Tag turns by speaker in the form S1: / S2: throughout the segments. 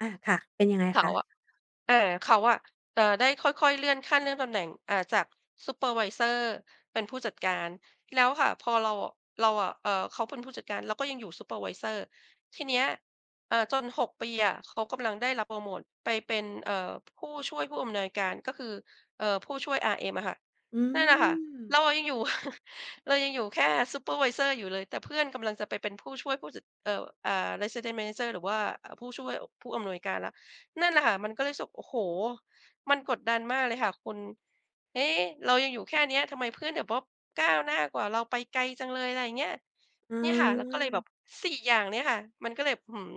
S1: อา ค่ะ เป็นยังไง
S2: เข
S1: ค
S2: า
S1: ะ?
S2: อะ เอ่อ เขาอะ เออ ได้ค่อย ๆ เลื่อนขั้น เลื่อนตำแหน่ง อ่า จากซูเปอร์ไวเซอร์ เป็นผู้จัดการ แล้วค่ะ พอเรา เราอะ เอ่อ เขาเป็นผู้จัดการ เราก็ยังอยู่ซูเปอร์ไวเซอร์ ทีเนี้ย อ่า จน 6 ปีอะ เขากำลังได้รับโพรโมตไปเป็น เอ่อ ผู้ช่วยผู้อำนวยการก็คือ เอ่อ ผู้ช่วย RM อะค่ะ
S1: อื
S2: นั่นน่ะค่ะ เ
S1: ม
S2: รายังอยู่ เรายังอยู่แค่ซูเปอร์ไวเซอร์อยู่เลย แต่เพื่อนกำลังจะไปเป็นผู้ช่วยผู้จัด เอ่อ อ่า Resident Manager หรือว่าผู้ช่วย ผู้อำนวยการแล้ว นั่นแหละค่ะ มันก็เลยรู้สึก โอ้โฮ มันกดดันมากเลยค่ะคุณ เอ๊ะ เรายังอยู่แค่เนี้ย ทำไมเพื่อนเดี๋ยว บ ก้าวหน้ากว่าเราไปไกลจังเลย อะไรอย่างเงี้ย
S1: อ
S2: เนี่ยค่ะ เราก็เลยแบ
S1: า
S2: บ 4 อย่างเนี่ยค่ะ มันก็เลยแบบ หือ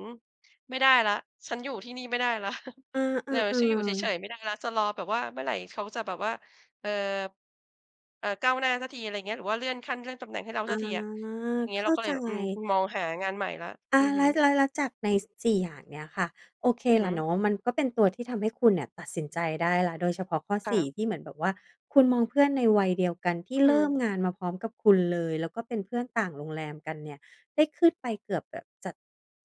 S2: ไม่ได้แล้ว ฉันอยู่ที่นี่ไม่ได้แล้ว
S1: อื
S2: เออ ฉันอ
S1: อ
S2: ยู่เฉ
S1: ๆ ๆ
S2: ย ๆ ไม่ได้แล้ว จะรอแบบว่าเมื่อไหร่เขาจะแบบว่า เอ่อ เอ่อ ก้าวหน้าสักที อะไรอย่างเงี้ย หรือว่าเลื่อนขั้น เลื่อนตำแหน่งให้เรา
S1: อา
S2: สักทีอะ อย่างเง
S1: เ
S2: ี้
S1: ข
S2: ย เร
S1: ้
S2: า
S1: า
S2: ก็เ
S1: ใ
S2: ล
S1: จ
S2: ยแบบ อืม มองหางานใหม่แล้ว
S1: อ
S2: อ
S1: า
S2: ือฮ
S1: แล
S2: ึ
S1: ้ว แล้วจากใน 4 อย่างเนี้ยค่ะ โอเค
S2: อือ
S1: ล
S2: ฮ
S1: ่ะ
S2: ึ
S1: เนาะ มันก็เป็นตัวที่ทำให้คุณเนี่ยตัดสินใจได้แล้ว โดยเฉพาะข้อ
S2: ค่
S1: 4
S2: ะ
S1: ที่เหมือนแบบว่าคุณมองเพื่อนในวัยเดียวกันที่
S2: อื
S1: เริ่ม
S2: ม
S1: งานมาพร้อมกับคุณเลย แล้วก็เป็นเพื่อนต่างโรงแรมกันเนี่ย ได้ขึ้นไปเกือบแบบจะ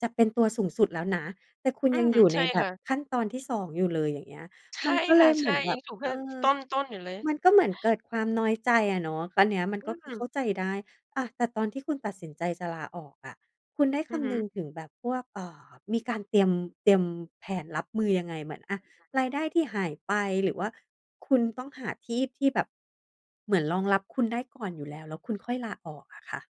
S1: จะเป็นตัวสูงสุดแล้วนะ แต่คุณ
S2: อื
S1: ยัง
S2: ม
S1: อยู่
S2: ใ
S1: ใ
S2: ช
S1: น
S2: ่
S1: แบ
S2: ค
S1: บ
S2: ่ะ
S1: ขั้นตอนที่ 2 อยู่เลย อย่างเงี้ย
S2: ใช
S1: มั
S2: ่
S1: นก็
S2: ค
S1: เล
S2: ่ะ
S1: ยเ
S2: ใ
S1: ห
S2: ช
S1: มื
S2: ่
S1: อนแบ
S2: ยั
S1: บ
S2: งอยู่แค
S1: เอ
S2: ่
S1: อ
S2: ต้น ๆ อยู่เลย
S1: มันก็เหมือนเกิดความน้อยใจอะเนาะ อันเนี้ย
S2: อื
S1: ก็คือเข้
S2: ม
S1: าใจได้ อา แต่ตอนที่คุณตัดสินใจจะลาออกอะ คุณได้
S2: อ
S1: ค
S2: ือฮ
S1: ำ
S2: ึ
S1: นึงถึงแบบพวก เอ่อ มีการ เตรียม เตรียมแผนรับมือยังไง? เหมือน อ่า รายได้ที่หายไป หรือว่าคุณต้องหาที่ที่แบบ เหมือนรองรับคุณได้ก่อนอยู่แล้ว แล้วคุณค่อยลาออกอะค่ะ